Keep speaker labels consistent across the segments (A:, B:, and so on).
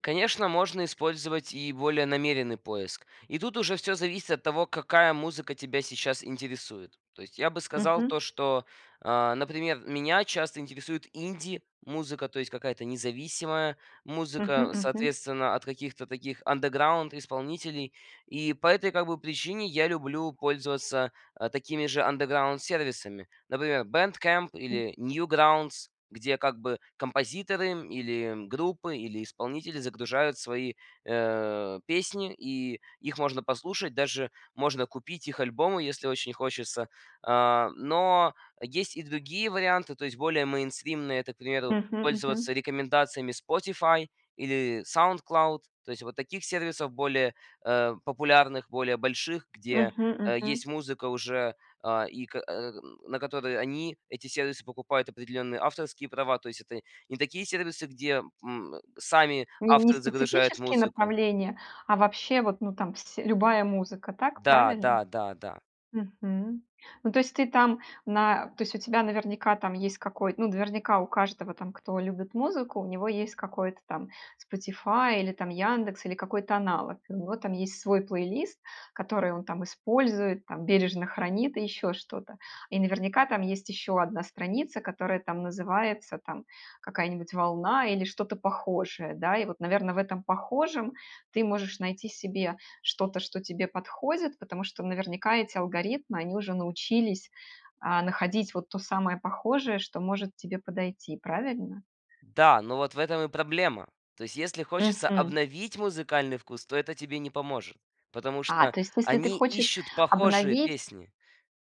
A: Конечно, можно использовать и более намеренный поиск. И тут уже всё зависит от того, какая музыка тебя сейчас интересует. То есть я бы сказал
B: Мгм.
A: то, что, э, например, меня часто интересует инди-музыка, то есть какая-то независимая
B: Мгм.
A: музыка,
B: Мгм.
A: соответственно, от каких-то таких underground исполнителей. И по этой, как бы, причине я люблю пользоваться, э, такими же underground сервисами, например, BandCamp
B: М.
A: или Newgrounds, где, как бы, композиторы, м, или, м, группы, или исполнители загружают свои, э, песни, и их можно послушать, даже можно купить их альбомы, и если очень хочется. А, но есть и другие варианты, то есть более мейнстримные, это, к примеру,
B: Мгм.
A: пользоваться
B: Мгм.
A: рекомендациями Spotify или SoundCloud. То есть вот таких сервисов более, э, популярных, более больших, где,
B: Мгм.
A: э,
B: Мгм.
A: есть музыка уже, э, и ка э, на которой они, эти сервисы, покупают определенные авторские права. То есть это не такие сервисы, где, м, сами
B: Ни не
A: авторы загружают
B: специфические
A: музыку.
B: направления, а вообще, вот, ну, там сь любая музыка. Так
A: Да
B: правильно?
A: да да да.
B: Мгм. Ну, то есть ты там на то есть у тебя наверняка там есть какой ну, наверняка у каждого там, кто любит музыку, у него есть какой-то там Spotify или, там, "Яндекс", или какой-то аналог. У него там есть свой плейлист, который он, там, использует, там, бережно хранит и еще что-то. И наверняка там есть еще 1 страница, которая, там, называется, там, какая-нибудь волна или что-то похожее, да? И вот, наверно, в этом похожем ты можешь найти себе что-то, что тебе подходит, потому что наверняка эти алгоритмы они уже научились, а, находить вот то самое похожее, что может тебе подойти, правильно?
A: Да, но вот в этом и проблема. То есть если хочется
B: Мгм.
A: обновить музыкальный вкус, то это тебе не поможет. Потому
B: А,
A: что
B: то есть, если ты
A: они
B: хочешь
A: ищут похожие
B: обновить
A: песни.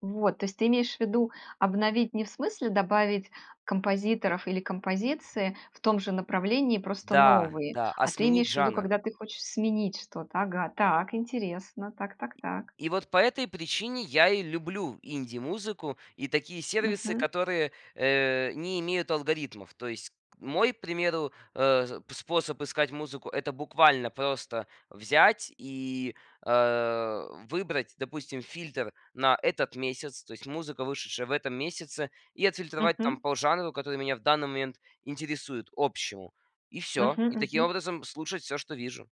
B: Вот. То есть, ты имеешь в виду, обновить не в смысле добавить композиторов или композиции в том же направлении, просто
A: Да,
B: новые,
A: да, а
B: а ты
A: сменить
B: имеешь в виду,
A: жанр.
B: когда ты хочешь сменить что-то. Ага, так, интересно, так так так.
A: И вот по этой причине я и люблю инди-музыку и такие сервисы,
B: Мгм.
A: которые, э, не имеют алгоритмов. То есть, к мой, примеру, э, п способ искать музыку- это буквально просто взять и, э, выбрать, допустим, фильтр на этот месяц, то есть музыка, вышедшая в этом месяце, и отфильтровать там
B: Мгм.
A: по жанру, который меня в данный момент интересует, общему, и всё, и
B: Мгм.
A: таким
B: Мгм.
A: образом слушать всё, что вижу.